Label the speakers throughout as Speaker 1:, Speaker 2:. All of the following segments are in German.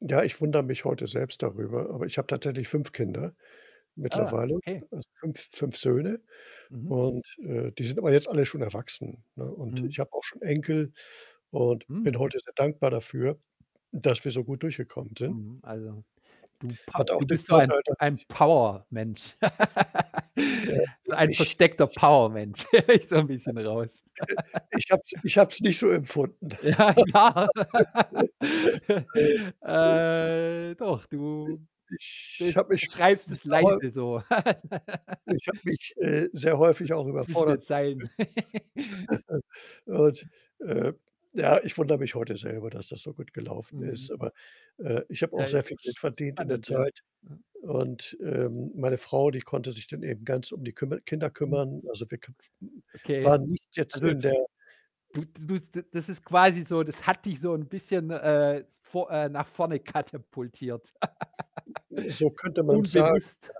Speaker 1: Ja, ich wundere mich heute selbst darüber, aber ich habe tatsächlich 5 Kinder
Speaker 2: Ah,
Speaker 1: mittlerweile,
Speaker 2: okay.
Speaker 1: also, 5- 5 Söhne.
Speaker 2: Mhm.
Speaker 1: Und, äh, die sind aber jetzt alle schon erwachsen, ne, und
Speaker 2: Mhm.
Speaker 1: ich habe auch schon Enkel und
Speaker 2: Mhm.
Speaker 1: bin heute sehr dankbar dafür, dass wir so gut durchgekommen sind.
Speaker 2: Mhm, also, du Pa
Speaker 1: Hat auch
Speaker 2: du
Speaker 1: den
Speaker 2: bist so ein
Speaker 1: Vorteil,
Speaker 2: p
Speaker 1: dass
Speaker 2: ein
Speaker 1: ich
Speaker 2: Powermensch.
Speaker 1: äh,
Speaker 2: So
Speaker 1: i
Speaker 2: ein
Speaker 1: ich
Speaker 2: versteckter
Speaker 1: ich
Speaker 2: Powermensch, höre ich so 'n bisschen raus.
Speaker 1: ich habe es ich habe es nicht so empfunden.
Speaker 2: Ja, klar.
Speaker 1: Äh, i
Speaker 2: Äh, doch, du
Speaker 1: ich [unintelligible] ich
Speaker 2: be
Speaker 1: habe mich
Speaker 2: beschreibst es
Speaker 1: sehr häu
Speaker 2: leise, so
Speaker 1: ich habe mich, äh, sehr
Speaker 2: so
Speaker 1: häufig auch
Speaker 2: zwischen den
Speaker 1: überfordert
Speaker 2: Zeilen.
Speaker 1: gefühlt. Und, äh, ja, ich wundere mich heute selber, dass das so gut gelaufen
Speaker 2: Mhm.
Speaker 1: ist. Aber, äh, ich habe
Speaker 2: Ja,
Speaker 1: auch sehr
Speaker 2: ist
Speaker 1: viel
Speaker 2: doch
Speaker 1: Geld
Speaker 2: sch
Speaker 1: verdient in der
Speaker 2: spannend, ja.
Speaker 1: Zeit
Speaker 2: Ja.
Speaker 1: und, ähm, meine Frau, die konnte sich dann eben ganz um die kümmer Kinder
Speaker 2: Mhm.
Speaker 1: kümmern. Also wir k w w wir
Speaker 2: Okay.
Speaker 1: waren nicht jetzt
Speaker 2: Also,
Speaker 1: in der
Speaker 2: du du du s da das ist quasi so das hat dich so 'n bisschen, äh, vo äh, nach vorne katapultiert.
Speaker 1: So könnte man's sagen,
Speaker 2: Unbewusst.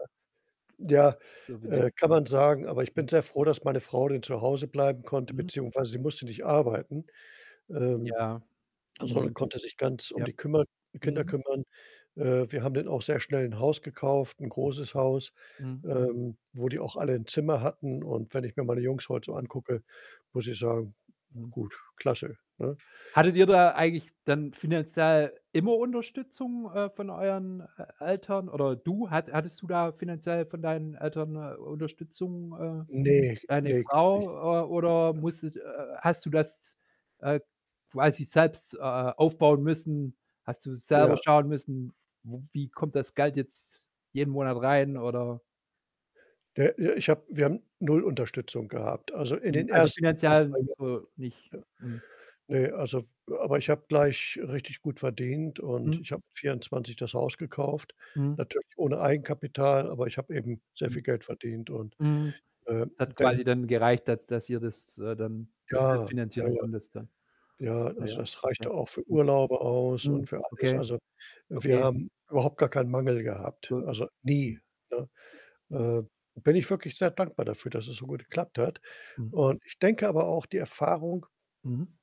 Speaker 1: ja.
Speaker 2: So
Speaker 1: Ja,
Speaker 2: vielleicht
Speaker 1: äh, kann man sagen, aber ich
Speaker 2: Mhm.
Speaker 1: bin sehr froh, dass meine Frau dann zu Hause bleiben konnte,
Speaker 2: Mhm.
Speaker 1: beziehungsweise sie musste nicht arbeiten. Ähm,
Speaker 2: Ja.
Speaker 1: also, man
Speaker 2: Mhm.
Speaker 1: konnte sich ganz um
Speaker 2: Ja.
Speaker 1: die kümmer Kinder
Speaker 2: Mhm.
Speaker 1: kümmern. Äh, wir haben dann auch sehr schnell 'n Haus gekauft, 'n
Speaker 2: Mhm.
Speaker 1: großes Haus,
Speaker 2: Mhm.
Speaker 1: ähm, wo die auch alle 'n Zimmer hatten und wenn ich mir meine Jungs heute so
Speaker 2: Mhm.
Speaker 1: angucke, muss ich sagen,
Speaker 2: Mhm.
Speaker 1: gut, klasse, ne?
Speaker 2: Hattet ihr da eigentlich dann finanziell immer Unterstützung, äh, von euren E Eltern? Oder du, hat hattest du da finanziell von deinen Eltern, äh, Unterstützung? Äh,
Speaker 1: Ne,
Speaker 2: deine
Speaker 1: ne, gar nicht.
Speaker 2: Frau äh, oder
Speaker 1: Nein.
Speaker 2: musstet äh, äh, hast du das, äh, quasi selbst, äh, aufbauen müssen? Hast du selber
Speaker 1: Ja.
Speaker 2: schauen müssen, w wie kommt das Geld jetzt jeden Monat rein,
Speaker 1: Ja.
Speaker 2: oder
Speaker 1: Ja, ja. Ich habe wir haben 0 Unterstützung gehabt. Also, in den
Speaker 2: Mhm. Also,
Speaker 1: 1. 1, 2
Speaker 2: finanziell so nicht.
Speaker 1: Jahren.
Speaker 2: Mhm.
Speaker 1: Ja. Ne, also w aber ich habe gleich richtig gut verdient und
Speaker 2: Mhm.
Speaker 1: ich habe mit 24 das Haus gekauft,
Speaker 2: Mhm.
Speaker 1: natürlich ohne Eigenkapital, aber ich habe eben sehr
Speaker 2: Mhm.
Speaker 1: viel Geld verdient und
Speaker 2: Mhm.
Speaker 1: ähm,
Speaker 2: Es hat
Speaker 1: denk
Speaker 2: quasi dann gereicht, da dass ihr das, äh, dann dass du's
Speaker 1: Ja. Ja,
Speaker 2: finanzieren
Speaker 1: ja.
Speaker 2: konntest, ja.
Speaker 1: Ja, also,
Speaker 2: Ja.
Speaker 1: das
Speaker 2: Okay.
Speaker 1: reichte auch für
Speaker 2: Mhm.
Speaker 1: Urlaube aus
Speaker 2: Mhm.
Speaker 1: und für alles.
Speaker 2: Okay.
Speaker 1: Also, wir
Speaker 2: Okay.
Speaker 1: haben überhaupt gar keinen Mangel gehabt,
Speaker 2: Gut.
Speaker 1: also nie,
Speaker 2: Mhm.
Speaker 1: ne? Äh, da bin ich wirklich sehr dankbar dafür, dass es so gut geklappt hat.
Speaker 2: Mhm.
Speaker 1: Und ich denke aber auch, die Erfahrung
Speaker 2: Mhm.